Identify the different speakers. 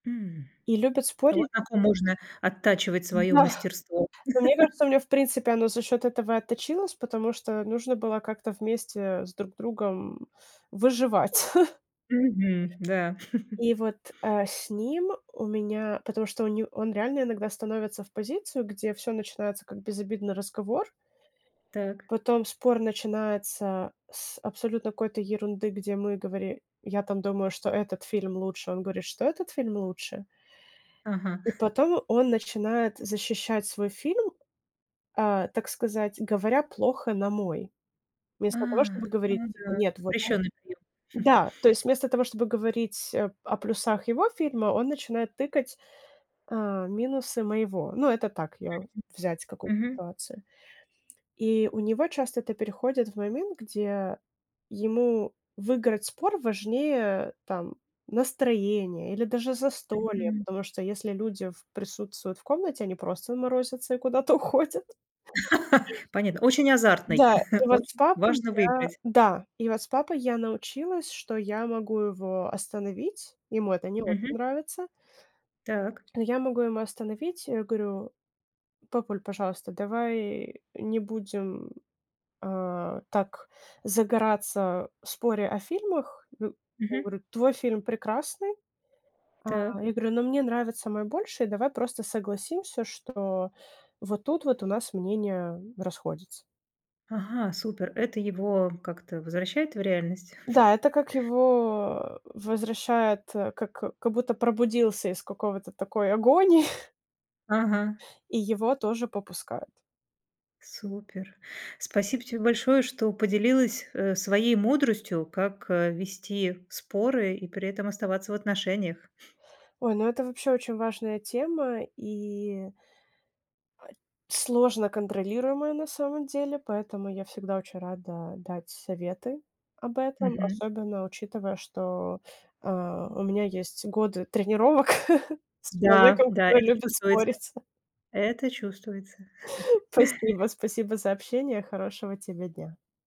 Speaker 1: М.
Speaker 2: И любят
Speaker 1: Вот
Speaker 2: спорить
Speaker 1: так и нужно оттачивать своё
Speaker 2: Да.
Speaker 1: мастерство.
Speaker 2: Но мне кажется, у меня, в принципе, оно за счет этого и отточилось, потому что, нужно было как-то вместе, э, с друг другом, э, выживать.
Speaker 1: Мгм, да.
Speaker 2: И вот, а, с ним у меня потому что у не он реально иногда становится в позицию, где всё начинается, как безобидный разговор,
Speaker 1: Так.
Speaker 2: потом спор начинается с абсолютно какой-то ерунды, где мы говори я там думаю, что этот фильм лучше. Он говорит, что этот фильм лучше.
Speaker 1: Ага.
Speaker 2: И потом он начинает защищать свой фильм, а, так сказать, говоря плохо на мой.
Speaker 1: А,
Speaker 2: Вместо того, чтобы говорить
Speaker 1: ну
Speaker 2: типа:
Speaker 1: да.
Speaker 2: "Нет, вот он"
Speaker 1: Запрещенный прием.
Speaker 2: Да, то есть, вместо того, чтобы говорить о о плюсах его фильма, он начинает тыкать, а, минусы моего. Ну, это так, я взять какую-то
Speaker 1: Мгм.
Speaker 2: ситуацию. И у него часто это переходит в момент, где ему выиграть спор важнее, там, настроение или даже застолье.
Speaker 1: Мгм.
Speaker 2: Потому что если люди в присутствуют в комнате, они просто морозятся и куда-то уходят.
Speaker 1: Понятно, очень азартный,
Speaker 2: Да, и вот с
Speaker 1: очень
Speaker 2: папой
Speaker 1: важно
Speaker 2: я,
Speaker 1: выиграть.
Speaker 2: да и вот с папой я научилась, что я могу его остановить. Ему это не очень
Speaker 1: Мгм.
Speaker 2: нравится
Speaker 1: Так.
Speaker 2: но я могу его остановить. Я говорю: "Папуль, пожалуйста, давай не будем, а, так загораться в споре о фильмах". Ну, он
Speaker 1: Мгм.
Speaker 2: говорит: "Твой фильм прекрасный". А
Speaker 1: Так.
Speaker 2: я говорю: "Но мне нравится мой больше. Давай просто согласимся, что вот тут вот у нас мнение расходится".
Speaker 1: Ага, супер. Это его как-то возвращает в реальность?
Speaker 2: Да, это как его, э, возвращает, э, как как будто пробудился из какого-то такой агонии
Speaker 1: Ага.
Speaker 2: и его тоже попускает.
Speaker 1: Супер. Спасибо тебе большое, что поделилась, э, своей мудростью, как, э, вести споры и при этом оставаться в отношениях.
Speaker 2: Ой, ну это вообще очень важная тема и сложно контролируемая на самом деле, поэтому я всегда очень рада дать советы об этом.
Speaker 1: Мгм.
Speaker 2: Особенно учитывая, что, а, у меня есть годы тренировок с
Speaker 1: Да,
Speaker 2: человеком,
Speaker 1: да,
Speaker 2: который
Speaker 1: это
Speaker 2: любит
Speaker 1: чувствуется.
Speaker 2: спорить.
Speaker 1: Это чувствуется.
Speaker 2: Спасибо, спасибо за общение. Хорошего тебе дня!